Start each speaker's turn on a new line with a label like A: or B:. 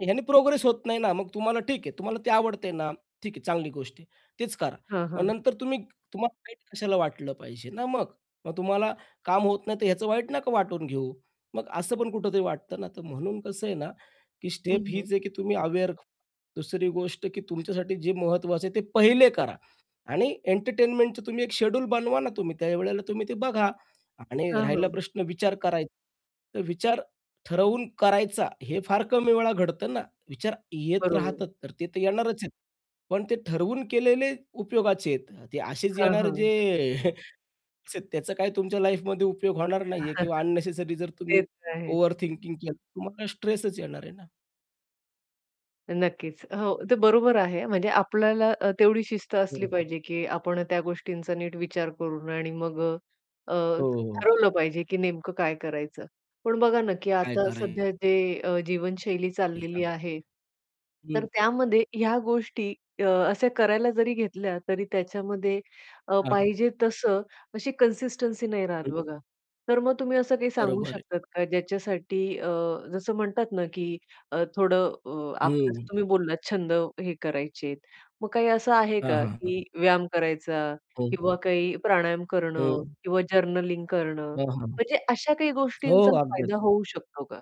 A: ह्याने प्रोग्रेस होत नाही ना, मग तुम्हाला ठीक आहे. तुम्हाला ते आवडतंय ना? ठीक आहे चांगली गोष्ट आहे. तेच करा.
B: हां,
A: मग
B: हां.
A: नंतर तुम्ही तुम्हाला वाईट कशाला वाटलं पाहिजे ना मग. मग तुम्हाला काम होत नाहीतर ह्याचं वाईट नाका वाटून घेऊ. मग असं पण कुठेतरी वाटतं ना. तर म्हणून कसं आहे ना, की
B: हं,
A: स्टेप
B: हं.
A: हीच आहे की तुम्ही अवेअर दुसरी गोष्ट की तुमच्यासाठी जे महत्त्वाचं आहे, ते पहिले करा. आणि एंटरटेनमेंटच तुम्ही एक शेड्यूल बनवा ना, तुम्ही त्यावेळेला तुम्ही ते बघा. आणि
B: हां,
A: राहिला
B: हां.
A: प्रश्न विचार कराय तर विचार ठरवून करायचा हे फार कमी वेळा घडतं ना. विचार येत
B: बरोबर.
A: राहतात तर ते तर येणारच आहेत. पण ते ठरवून केलेले उपयोगाचे आहेत. ते असेच
B: हां,
A: येणार
B: हां.
A: जे [unintelligible] त्याचा काय तुमच्या लाईफमध्ये उपयोग होणार नाहीये किंवा अननेसेसरी जर तुम्ही
B: तेच आहे.
A: ओव्हर थिंकिंग केलं, तर तुम्हाला स्ट्रेसच येणार आहे ना.
B: नक्कीच, हो ते बरोबर आहे म्हणजे आपल्याला अ, तेवढी शिस्त असली
A: हं.
B: पाहिजे, की आपण त्या गोष्टींचा नीट विचार करून आणि मग अ,
A: हो, हो.
B: ठरवलं पाहिजे, की नेमकं काय करायचं? पण बघा ना की
A: काय
B: आता
A: करायचं
B: सध्या जे अ, जीवनशैली चाललेली
A: [unintelligible]
B: आहे. तर
A: हं.
B: त्यामध्ये ह्या गोष्टी अ, अशा करायला जरी घेतल्या तरी त्याच्यामध्ये अ,
A: हां.
B: पाहिजे तसं अशी कन्सिस्टन्सी नाही राहत
A: हं.
B: बघा. तर मग तुम्ही असं काही सांगू
A: बरोबर आहे.
B: शकतात का? ज्याच्यासाठी अ, जसं म्हणतात ना की आह थोडं अ,
A: हं.
B: [unintelligible] तुम्ही बोललात छंद हे करायचे आहेत, मग काही असं आहे
A: हां,
B: का,
A: हां, हां.
B: की व्यायाम करायचा
A: हो.
B: किंवा काही प्राणायाम करणं
A: हं.
B: किंवा जर्नलिंग करणं.
A: हां, हां.
B: म्हणजे अशा काही
A: हो,
B: गोष्टींचा
A: अगदी.
B: फायदा होऊ शकतो का?